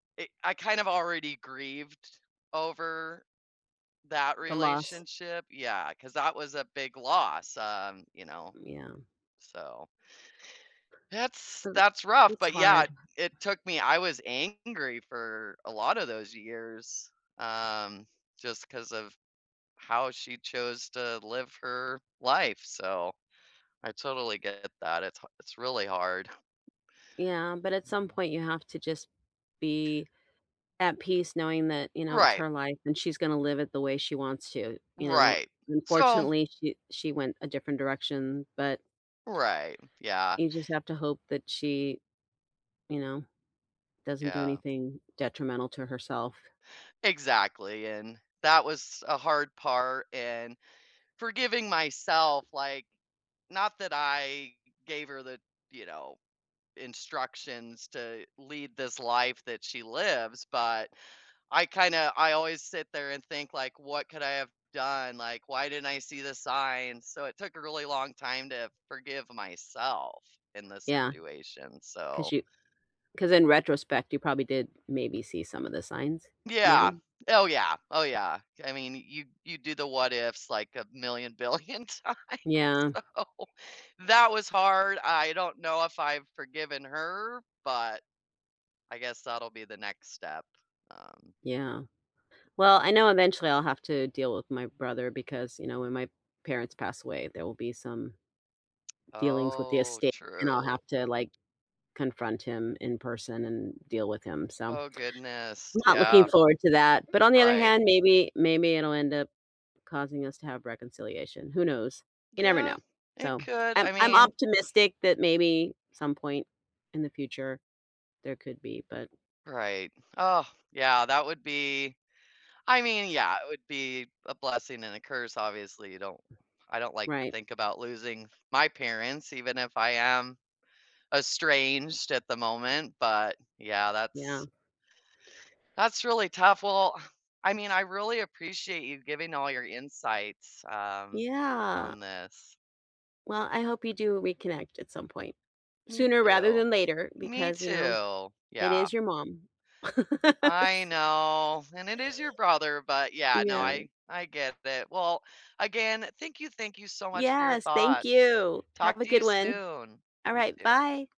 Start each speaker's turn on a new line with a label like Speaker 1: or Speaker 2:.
Speaker 1: I I kind of already grieved over that
Speaker 2: The loss.
Speaker 1: relationship, yeah, 'cause that was a big loss, um, you know,
Speaker 2: Mm, yeah.
Speaker 1: so that's
Speaker 2: 'Cause
Speaker 1: that's rough
Speaker 2: it's
Speaker 1: but yeah,
Speaker 2: hard.
Speaker 1: it took me I was angry for a lotta those years, um, just 'cause of how she chose to live her life, so I totally get that, it's ha it's really hard.
Speaker 2: Yeah, but at some
Speaker 1: Mhm.
Speaker 2: point, you have to just be at peace knowing that, you know, it's
Speaker 1: Right.
Speaker 2: her life, and she's gonna live it the way she wants to, you know?
Speaker 1: Right. So
Speaker 2: Unfortunately, she she went a different direction, but
Speaker 1: Right, yeah.
Speaker 2: you just have to hope that she, you know, doesn't do
Speaker 1: Yeah.
Speaker 2: anything detrimental to herself.
Speaker 1: Exactly, and that was a hard part and forgiving myself, like not that I gave her the, you know, instructions to lead this life that she lives, but I kinda I always sit there and think like, "What could I have done?" Like, "Why didn't I see the signs?" So it took a really long time to forgive myself in this
Speaker 2: Yeah.
Speaker 1: situation, so
Speaker 2: 'Cause you 'cause in retrospect, you probably did maybe see some of the signs,
Speaker 1: Yeah.
Speaker 2: maybe.
Speaker 1: Oh, yeah. Oh, yeah, I mean you you do the what-ifs like a million billion times
Speaker 2: Yeah.
Speaker 1: so that was hard, I don't know if I've forgiven her but I guess that'll be the next step. Um
Speaker 2: Yeah. Well, I know eventually I'll have to deal with my brother because, you know, when my parents pass away, there will be some dealings with the
Speaker 1: Oh,
Speaker 2: estate, and I'll
Speaker 1: true.
Speaker 2: have to, like, confront him in person and deal with him, so
Speaker 1: Oh,
Speaker 2: I'm
Speaker 1: goodness,
Speaker 2: not looking
Speaker 1: yeah.
Speaker 2: forward to that, but on the other
Speaker 1: Right.
Speaker 2: hand, maybe maybe it'll end up causing us to have reconciliation, who knows? You never
Speaker 1: Yeah,
Speaker 2: know.
Speaker 1: it
Speaker 2: So
Speaker 1: could, I
Speaker 2: I'm I'm
Speaker 1: mean
Speaker 2: optimistic that maybe some point in the future, there could be, but
Speaker 1: Right. Ugh, yeah, that would be I mean, yeah, it would be a blessing and a curse, obviously, you don't I don't like to
Speaker 2: Right.
Speaker 1: think about losing my parents even if I am estranged at the moment, but yeah,
Speaker 2: Yeah.
Speaker 1: that's that's really tough. Well, I mean I really appreciate you giving all your insights, um,
Speaker 2: Yeah.
Speaker 1: on this.
Speaker 2: Well, I hope you do reconnect at some point,
Speaker 1: Me
Speaker 2: sooner rather
Speaker 1: too.
Speaker 2: than later,
Speaker 1: Me
Speaker 2: because, you know,
Speaker 1: too,
Speaker 2: it
Speaker 1: yeah.
Speaker 2: is your mom. S
Speaker 1: I know. And it is your brother, but, yeah, no,
Speaker 2: Yeah.
Speaker 1: I I get that, well, again, thank you, thank you so much for your
Speaker 2: Yes, thank
Speaker 1: thoughts.
Speaker 2: you.
Speaker 1: Talk
Speaker 2: Have a
Speaker 1: to you
Speaker 2: good one.
Speaker 1: soon. You
Speaker 2: Alright,
Speaker 1: too.
Speaker 2: bye.